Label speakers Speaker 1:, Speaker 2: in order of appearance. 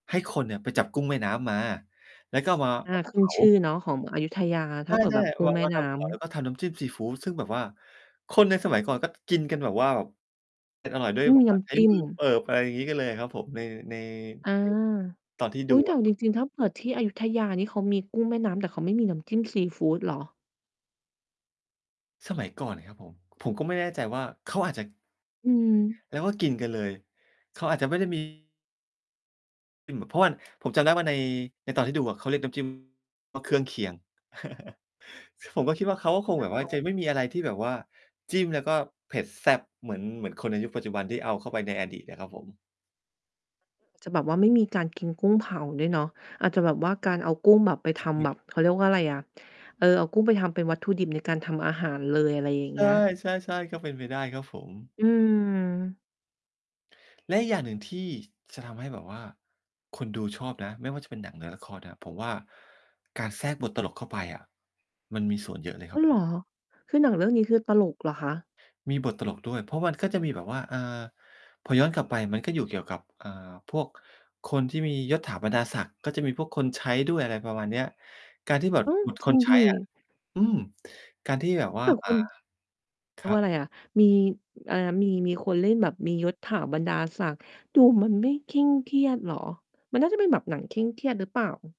Speaker 1: ให้คนเนี่ยไปจับกุ้งแม้น้ำมา แล้วก็เอามา
Speaker 2: อา
Speaker 1: เอาม
Speaker 2: ข
Speaker 1: า
Speaker 2: ึ
Speaker 1: เ
Speaker 2: ้
Speaker 1: ผ
Speaker 2: น
Speaker 1: า
Speaker 2: ชื่อเนาะของอยุธยา ถ
Speaker 1: ใ
Speaker 2: ้
Speaker 1: ช
Speaker 2: าเผื่อแ
Speaker 1: ่
Speaker 2: บบกุ้
Speaker 1: ๆ บ
Speaker 2: ง
Speaker 1: าง
Speaker 2: แม่
Speaker 1: วัน
Speaker 2: น
Speaker 1: ท
Speaker 2: ้ำ
Speaker 1: ำก่อน แล้วก็ทำน้ำจิ้มซีฟูด ซึ่งแบบว่าคนในสมัยก่อนก็จะกินกันแบบว่า แบบ เป็น อร่อยด้ว
Speaker 2: ไ
Speaker 1: ย
Speaker 2: ม่
Speaker 1: แบ
Speaker 2: มี
Speaker 1: บ
Speaker 2: น
Speaker 1: ว่
Speaker 2: ้
Speaker 1: าใช
Speaker 2: ำ
Speaker 1: ้
Speaker 2: จิ้
Speaker 1: ม
Speaker 2: ม
Speaker 1: ือเปิบ อะไรอย่างงี้กันเลยอะครับผม ใน ใน
Speaker 2: อา
Speaker 1: ใน ตอนที่
Speaker 2: อ
Speaker 1: ด
Speaker 2: ุ
Speaker 1: ู
Speaker 2: ๊ย แต่
Speaker 1: อ
Speaker 2: เ
Speaker 1: ะ
Speaker 2: อา
Speaker 1: คร
Speaker 2: จ
Speaker 1: ับ
Speaker 2: ริง ๆ ถ้าเผื่อที่อยุธยานี่เขามีกุ้งแม่น้ำ แต่เขาไม่มีน้ำจิ้มซีฟูดเหรอ?
Speaker 1: สมัยก่อนเนี่ยครับผม ผมก็ไม่แน่ใจว่าเขาอาจจะ
Speaker 2: อือ
Speaker 1: แล้วก็กินกันเลย เขาอาจจะไม่ได้ มี เป็นหมุ เพราะว่า ผมจำได้ว่า ใน ในตอนที่ดูอะ เขาเรียกน้ำ จิ้ม ว่า เครื่องเคียง ซึ่งผมก็คิดว่า เขาก็คง
Speaker 2: อ้
Speaker 1: แ
Speaker 2: า
Speaker 1: บบว่าจะ
Speaker 2: ว
Speaker 1: ไม่มีอะไรที่แบบว่าจิ้ม แล้วก็เผ็ดแซ่บเหมือน เหมือนคนในยุคปัจจุบัน ที่เอาเข้าไปในอดีตอะครับผม
Speaker 2: จะแบบว่าไม่มีการกินกุ้งเผาด้วยเนาะ อาจจะแบบว่าการเอากุ้งแบบไป
Speaker 1: อาจ
Speaker 2: ท
Speaker 1: จะไม่
Speaker 2: ำแบ
Speaker 1: ได้
Speaker 2: บ
Speaker 1: เห
Speaker 2: เข
Speaker 1: มื
Speaker 2: า
Speaker 1: อ
Speaker 2: เ
Speaker 1: น
Speaker 2: รียกว่าไรอะ เออ เอากุ้งไปทำเป็นวัตถุดิบในการทำอาหารเลย อะไรอย่าง
Speaker 1: ใ
Speaker 2: เงี้ย
Speaker 1: ช่ ๆ ๆ ก็เป็นไปได้ครับผม
Speaker 2: อืม
Speaker 1: และอีกอย่างหนึ่งที่จะทำให้แบบว่าคนดูชอบนะ ไม่ว่าจะเป็นหนังหรือละครน่ะ ผมว่า การแทรกบทตลกเข้าไปอะ มันมีส่วนเยอะเลย
Speaker 2: อ
Speaker 1: ค
Speaker 2: ้
Speaker 1: ร
Speaker 2: า
Speaker 1: ับ
Speaker 2: ว เหรอ? คือหนังเรื่องนี้ คือตลกเหรอคะ?
Speaker 1: มีบทตลกด้วย เพราะมันก็จะมีแบบว่า อ่า พอย้อนกลับไป มันก็อยู่เกี่ยวกับ อ่า พวกคนที่มียศถาบรรดาศักดิ์ ก็จะมีพวกคนใช้ด้วย อะไรประมาณเนี้ย การที่แบบ
Speaker 2: อ้าว
Speaker 1: บท
Speaker 2: จร
Speaker 1: ค
Speaker 2: ิง
Speaker 1: นใช
Speaker 2: ส
Speaker 1: ้อะ
Speaker 2: ิ?
Speaker 1: อืม การที่แบบว่
Speaker 2: แ
Speaker 1: า
Speaker 2: ต่
Speaker 1: อ่
Speaker 2: ค
Speaker 1: า
Speaker 2: น เ
Speaker 1: ค
Speaker 2: รีย
Speaker 1: ร
Speaker 2: ก
Speaker 1: ั
Speaker 2: ว่
Speaker 1: บ
Speaker 2: าไรอะ มี อะไรนะ มี มีคนเล่น แบบมียศถาบรรดาศักดิ์ ดูมันไม่เคร่งเครียดเหรอ? มันน่าจะเป็นแบบหนังเคร่งเครียดหรือเปล่า?